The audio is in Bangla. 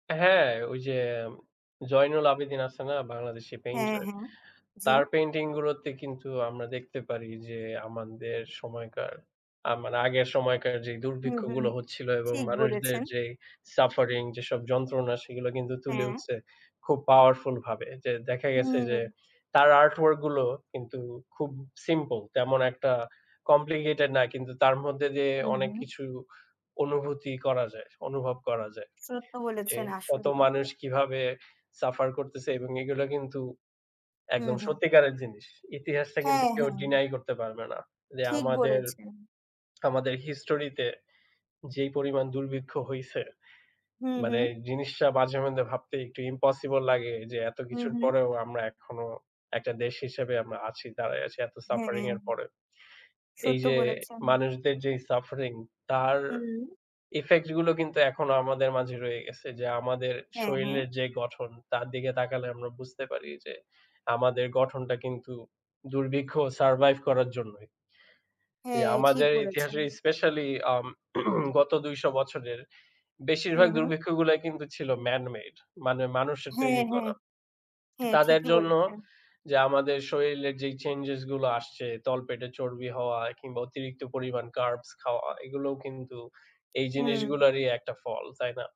হ্যাঁ, ঐ যে জয়নুল আবেদন আছে না? বাংলাদেশি হ্যাঁ, পেইন্টার। হ্যাঁ। জি। তার পেইন্টিং গুলোতে কিন্তু আমরা দেখতে পারি যে, আমাদের সময়কার আমার আগের সময়কার যে হুম, হুম। দুর্ভিক্ষগুলো হচ্ছিল এবং ঠিক মানুষদের বলেছেন। যেই সাফারিং যেসব যন্ত্রণা সেগুলো কিন্তু তুলে হ্যাঁ। উঠছে খুব পাওয়ারফুল ভাবে। যে দেখা গেছে যে, হুম। তার আর্ট ওয়ার্ক গুলো কিন্তু খুব সিম্পল তেমন একটা কমপ্লিকেটেড না কিন্তু তার মধ্যে যে হু, অনেক হু। কিছু অনুভূতি করা যায়। অনুভব করা যায়। সত্য যে বলেছেন কত আসলেই। মানুষ কিভাবে সাফার করতেছে এবং এগুলো কিন্তু হু, একদম হু। সত্যিকারের জিনিস। ইতিহাসটা কিন্তু হ্যাঁ, কেউ হ্যাঁ। ডিনাই করতে পারবে না। যে ঠিক আমাদের বলেছেন। আমাদের হিস্টোরিতে যেই পরিমাণ দুর্ভিক্ষ হইছে। হু, মানে হু। জিনিসটা মাঝে মধ্যে ভাবতে একটু ইম্পসিবল লাগে যে এত হুম, কিছুর হুম। পরেও আমরা এখনো একটা দেশ হিসেবে আমরা আছি, দাঁড়ায় আছি এত সাফারিং হ্যাঁ। এর পরে। এই সত্য যে বলেছেন। মানুষদের যেই সাফারিং তার হুম। ইফেক্ট গুলো কিন্তু এখনো আমাদের মাঝে রয়ে গেছে। যে আমাদের হ্যাঁ, হ্যাঁ। শরীলের যে গঠন তার দিকে তাকালে আমরা বুঝতে পারি যে, আমাদের গঠনটা কিন্তু দুর্ভিক্ষ সারভাইভ করার জন্যই। হ্যাঁ। ঠিক আমাদের বলেছেন। ইতিহাসে স্পেশালি আম গত ২০০ বছরের হু, বেশিরভাগ হু। দুর্ভিক্ষগুলা কিন্তু ছিল ম্যান মেড। মানে মানুষের হ্যাঁ, তৈরি হ্যাঁ। করা। হ্যাঁ, তাদের ঠিকি জন্য বলেছেন। যে আমাদের শরীরের যে চেঞ্জেস গুলো আসছে তলপেটে চর্বি হওয়া কিংবা অতিরিক্ত পরিমাণ কার্বস খাওয়া এগুলোও কিন্তু এই হুম। জিনিসগুলোরই একটা ফল। তাই না?